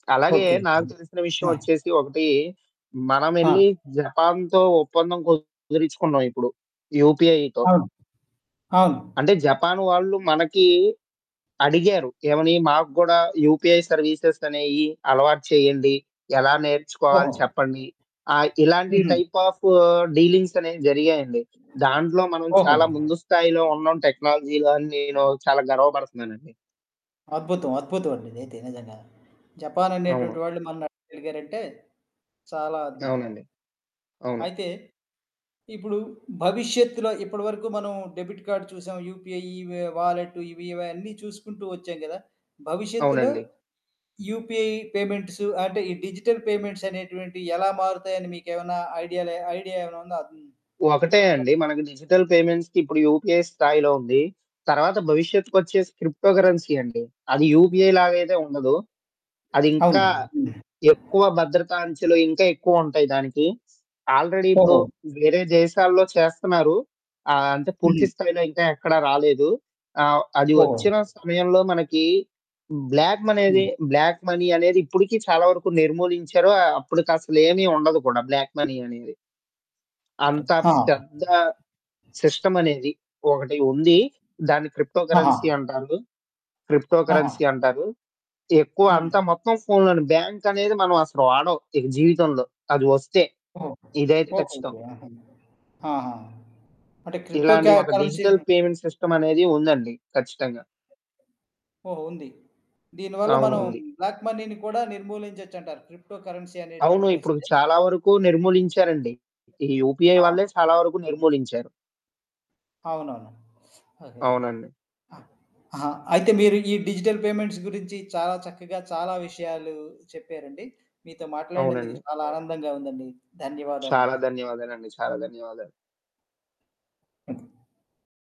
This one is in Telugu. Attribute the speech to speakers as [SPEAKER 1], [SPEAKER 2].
[SPEAKER 1] అలాగే
[SPEAKER 2] ఓకే.
[SPEAKER 1] నాకు తెలిసిన విషయం
[SPEAKER 2] ఆ!
[SPEAKER 1] ఒచ్చేసి ఒకటి
[SPEAKER 2] ఆ!
[SPEAKER 1] మనమెళ్లి జపాన్‌తో ఒప్పందం కుదిరిచుకున్నాం ఇప్పుడు. యూపీఐతో.
[SPEAKER 2] అవును. అవును.
[SPEAKER 1] అంటే జపాన్ వాళ్ళు మనకి అడిగారు. ఏమని మాకు గూడ యూపీఐ సర్వీసెస్ అనేయి అలవాటు చేయండి. ఎలా నేర్చుకోవాాలి
[SPEAKER 2] ఓహో!
[SPEAKER 1] చెప్పండి. ఆహ్, ఇలాంటి
[SPEAKER 2] హుహు.
[SPEAKER 1] టైప్ ఆఫ్ డీలింగ్స్ అనేవి జరిగాయంండి. దాంట్లో మనం
[SPEAKER 2] ఓహోహో!
[SPEAKER 1] చాలా ముందు స్థాయిలో ఉన్నాం టెక్నాలజీలో అని నేను చాలా గర్వపడతన్నానండి.
[SPEAKER 2] అద్భుతం. అద్భుతం అండి ఇదైతే నిజంగా. జపాన్ అనేటువంటి
[SPEAKER 1] అవును.
[SPEAKER 2] వాళ్ళు మన్ని ఆడగలిగారంటే. చాలా అద్భుతం.
[SPEAKER 1] అవునండి. అవును.
[SPEAKER 2] అయితే, ఇప్పుడు భవిష్యత్తులో ఇప్పటి వరకు మనం డెబిట్ కార్డ్ చూసాం. యూపీఐ ఇ వాలెట్ ఇవి ఇవన్నీ చూసుకుంటూ ఒచ్చేం గదా! భవిష్యత్తులో
[SPEAKER 1] అవునండి.
[SPEAKER 2] యూపీఐ పేమెంట్స్ అంటే ఈ డిజిటల్ పేమెంట్స్ అనేటువంటివి ఎలా మారుతాయని మీకెమన్నా ఐడియాలు ఐడియా ఏవన్నా ఉందా? అదున్
[SPEAKER 1] ఒకటే
[SPEAKER 2] చెప్పగల్
[SPEAKER 1] అండి. మనకి డిజిటల్ పేమెంట్స్‌కి ఇప్పుడు యూపీఐ స్థాయిలో ఉంది. తర్వాత భవిష్యత్తుకొచ్చేసి క్రిప్టోకరెన్సీ అండి. అది యూపీఐ లాగైయితే ఉండదు.
[SPEAKER 2] అవును.
[SPEAKER 1] అదింకా
[SPEAKER 2] హ్మ్.
[SPEAKER 1] ఎక్కువ భద్రతా అంచలో ఇంకా ఎక్కువుంటాయి దానికి. ఆల్రెడి ఇప్పుడు
[SPEAKER 2] ఓహో!
[SPEAKER 1] వేరే దేశాల్లో చేస్తున్నారు. ఆహ్, అంటే పూర్తి
[SPEAKER 2] హ్మ్.
[SPEAKER 1] స్థాయిలో ఇంకా ఎక్కడ రాలేదు. ఆహ్, అది
[SPEAKER 2] ఓహో!
[SPEAKER 1] ఒచ్చిన సమయంలో మనకి బ్లాక్ మనేది
[SPEAKER 2] హ్మ్.
[SPEAKER 1] బ్లాక్ మనీ అనేది ఇప్పడుకి చాలా వరకు నిర్మూలించారు. అప్పటికసలేమీ ఉండదు కూడా బ్లాక్ మనీ అనేది. అంత
[SPEAKER 2] ఆ!
[SPEAKER 1] పెద్ద సిస్టమ్ అనేది ఒకటి ఉంది. దాన్ని
[SPEAKER 2] ఆహా!
[SPEAKER 1] క్రిప్టోకరెన్సీ అంటారు. క్రిప్టో
[SPEAKER 2] ఆహా!
[SPEAKER 1] కరెన్సీ అంటారు. ఎక్కువ అంతా
[SPEAKER 2] హ్మ్.
[SPEAKER 1] మొత్తం ఫోన్లోనే. బ్యాంక్ అనేది మనం అసలు వాడం. ఇక జీవితంలో అది ఒస్తే.
[SPEAKER 2] ఓహో!
[SPEAKER 1] ఇదైతే ఖచ్చితం.
[SPEAKER 2] ఓహోహో! ఆహా! ఆహా! అంటే క్రిప్టో
[SPEAKER 1] ఇలాంటి
[SPEAKER 2] క్యా
[SPEAKER 1] ఒక
[SPEAKER 2] కరెన్సీ
[SPEAKER 1] డిజిటల్ పేమెంట్ సిస్టమ్ అనేది ఉందండి ఖచ్చితంగా.
[SPEAKER 2] ఓహ్, ఉంది. దీనివల్ల
[SPEAKER 1] అవును.
[SPEAKER 2] మనం
[SPEAKER 1] ఉంది.
[SPEAKER 2] బ్లాక్‌ మనీని కూడా నిర్మూలించొచ్చంటారు. క్రిప్టో కరెన్సీ
[SPEAKER 1] అవును.
[SPEAKER 2] అనేటువంటిది
[SPEAKER 1] ఇప్పుడు
[SPEAKER 2] ఒస్తే.
[SPEAKER 1] చాలా వరకు నిర్మూలించారండి. ఈ యూపీఐ వాళ్ళె
[SPEAKER 2] ఆహా!
[SPEAKER 1] చాలా వరకు నిర్మూలించారు.
[SPEAKER 2] అవునవును. ఓకే.
[SPEAKER 1] అవునండి.
[SPEAKER 2] ఆ! ఆహా, అయితే మీరు ఈ డిజిటల్ పేమెంట్స్ గురించి చాలా చక్కగా చాలా విషయాలు చెప్పారండి. మీతో మాట్లాడినందుకు
[SPEAKER 1] అవునండి.
[SPEAKER 2] చాలా ఆనందంగా ఉందండి.
[SPEAKER 1] చాలా
[SPEAKER 2] ధన్యవాదాలండి.
[SPEAKER 1] ధన్యవాదాలండి. చాలా ధన్యవాదాలు.
[SPEAKER 2] హ్మ్.